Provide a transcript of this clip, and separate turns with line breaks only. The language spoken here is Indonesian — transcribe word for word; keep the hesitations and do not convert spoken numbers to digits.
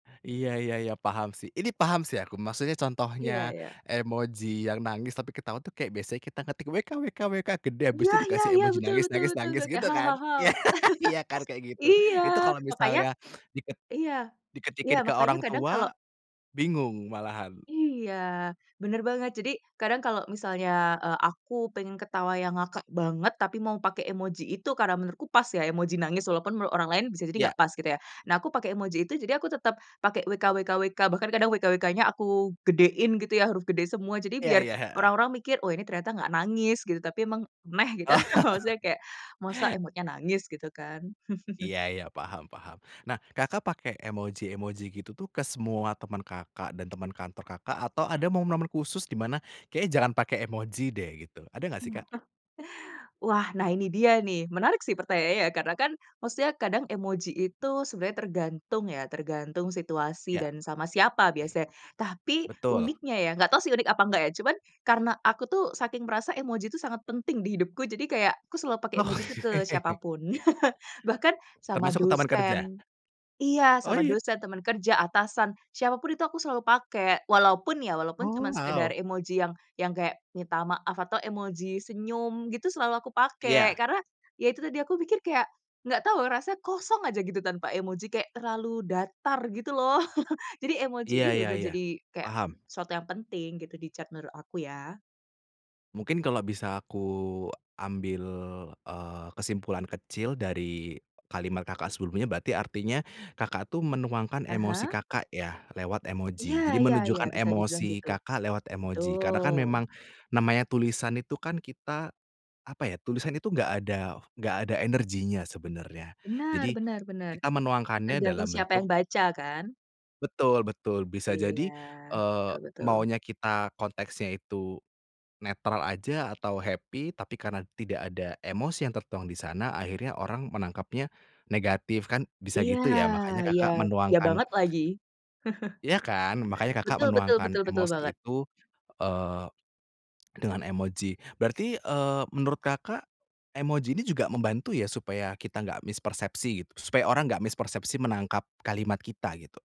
Iya iya iya, paham sih, ini paham sih aku. Maksudnya, contohnya
Iya iya.
emoji yang nangis, tapi ketawa tuh kayak biasanya kita ketik "wkwkwk" gede,
Iya
biasanya
iya
dikasih
iya,
emoji
betul
nangis
betul
nangis
betul
nangis,
juga,
gitu kan,
"hahaha"
iya. Iya kan, kayak gitu,
iya.
itu kalau
Makanya
misalnya diket
iya iya,
diketikin ke
makanya
orang
kadang
tua,
kalau
bingung malahan.
Iya, benar banget. Jadi, kadang kalau misalnya, eee, aku pengen ketawa yang ngakak banget tapi mau pakai emoji itu, karena menurutku pas ya, emoji nangis, walaupun menurut orang lain bisa jadi
Ya.
enggak pas gitu ya. Nah, aku pakai emoji itu, jadi aku tetap pakai "wkwkwk," bahkan kadang "wkwk-nya" aku gedein gitu ya, huruf gede semua, jadi
Iya
biar
iya, heeh.
orang-orang mikir, "Oh, ini ternyata enggak nangis gitu, tapi memang neh," gitu.
Oh.
Maksudnya kayak masa emotnya nangis gitu kan.
Iya iya, paham paham. Nah, Kakak, pakai emoji-emoji gitu tuh ke semua teman Kakak, dan teman kantor Kakak, atau ada momen-momen khusus di mana, kayaknya jangan pakai emoji deh, gitu. Ada enggak sih, Kak?
Kenapa? Wah, nah ini dia nih, menarik sih pertanyaannya, ya. Karena kan, maksudnya kadang emoji itu tergantung, ya, tergantung situasi
Ya.
dan sama siapa biasanya. Tapi
Betul.
uniknya, ya enggak tahu sih unik apa enggak, ya, cuman, karena aku tuh saking merasa emoji itu sangat penting di hidupku, jadi kayak aku selalu pakai emoji itu ke siapa
Oke.
pun, bahkan sama
Termasuk ke teman kerja?
dosen iya,
Oh
sama
ya?
dosen, teman kerja, atasan, siapa pun itu aku selalu pakai, walaupun ya, walaupun cuma
Oh, wow.
sekadar emoji yang yang kayak minta maaf atau emoji senyum gitu, selalu aku pakai.
Iya.
Karena ya itu tadi, aku mikir kayak enggak tahu, rasanya kosong aja gitu tanpa emoji, kayak terlalu datar gitu loh. Jadi, emoji
Iya
ini
iya
benar-benar
iya,
jadi kayak
paham.
sesuatu yang penting gitu di chat menurut aku, ya.
Mungkin kalau bisa aku ambil, eee, kesimpulan kecil dari kalimat Kakak, sebelumnya, berarti artinya Kakak, tuh menuangkan
Ah
emosi
hah.
Kakak, ya, lewat
Iya
emoji. Jadi,
iya iya.
menunjukkan
Bisa dibilang
emosi
gitu.
Kakak lewat emoji, karena kan
Betul.
memang namanya tulisan itu kan kita, apa ya, tulisan itu enggak ada enggak ada energinya sebenarnya.
Benar
Jadi,
benar benar,
kita menuangkannya
tergantung
dalam
siapa yang
bentuk
baca kan.
Betul betul. Bisa
Iya,
jadi, eee,
betul betul.
maunya kita konteksnya itu netral aja atau happy, tapi karena tidak ada emosi yang tertuang di sana, akhirnya orang menangkapnya negatif, kan bisa
Iya,
gitu ya. Makanya
iya.
Kakak,
Iya
menuangkan
banget lagi.
Iya kan, makanya Kakak,
Betul betul
menuangkan
betul betul
emosi
banget.
itu, eee, dengan emoji. Berarti, eee, menurut Kakak, emoji ini juga membantu ya supaya kita enggak mispersepsi, supaya orang enggak mispersepsi menangkap kalimat kita, gitu?